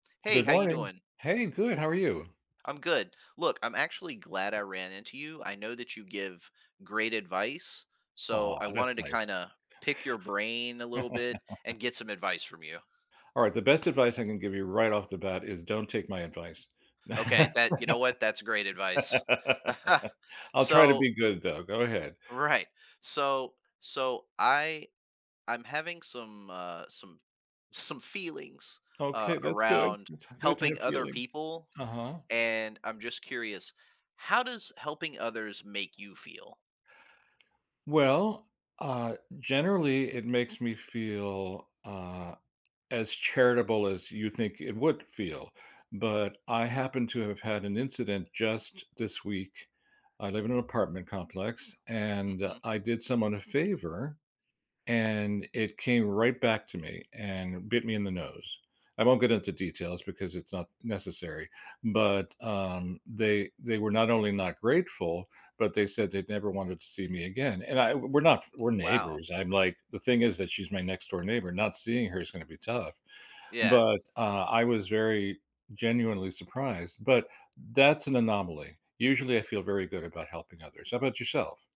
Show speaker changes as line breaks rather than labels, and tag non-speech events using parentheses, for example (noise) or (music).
Hey,
Good
how you
morning.
doing?
Hey, good. How are you?
I'm good. Look, I'm actually glad I ran into you. I know that you give great advice, so
Aw,
I
that's
wanted to
nice.
kinda pick your brain a little bit and
(chuckles)
get some advice from you.
All right, the best advice I can give you right off the bat is don't take my advice. (laughs)
Okay, that you know what, that's great advice. (chuckles)
I'll try to
So
be good though. Go ahead.
Right. So so I I'm having some, uh some some feelings, uh,
Okay, that's good.
around
That's good to
helping
have
other
feelings.
people
Uh-huh.
and I'm just curious, how does helping others make you feel?
Well, uh, generally, it makes me feel, uh, as charitable as you think it would feel, but I happen to have had an incident just this week. I live in an apartment complex, and
Mhm.
I did someone a favor, and it came right back to me and bit me in the nose. I won't get into details because it's not necessary, but, um, they they were not only not grateful, but they said they'd never wanted to see me again, and I w we're not we're
Wow.
neighbors, I'm like the thing is that she's my next door neighbor, not seeing her is gonna be tough.
Yeah.
But, uh, I was very, genuinely surprised, but that's an anomaly, usually, I feel very good about helping others. How 'bout yourself?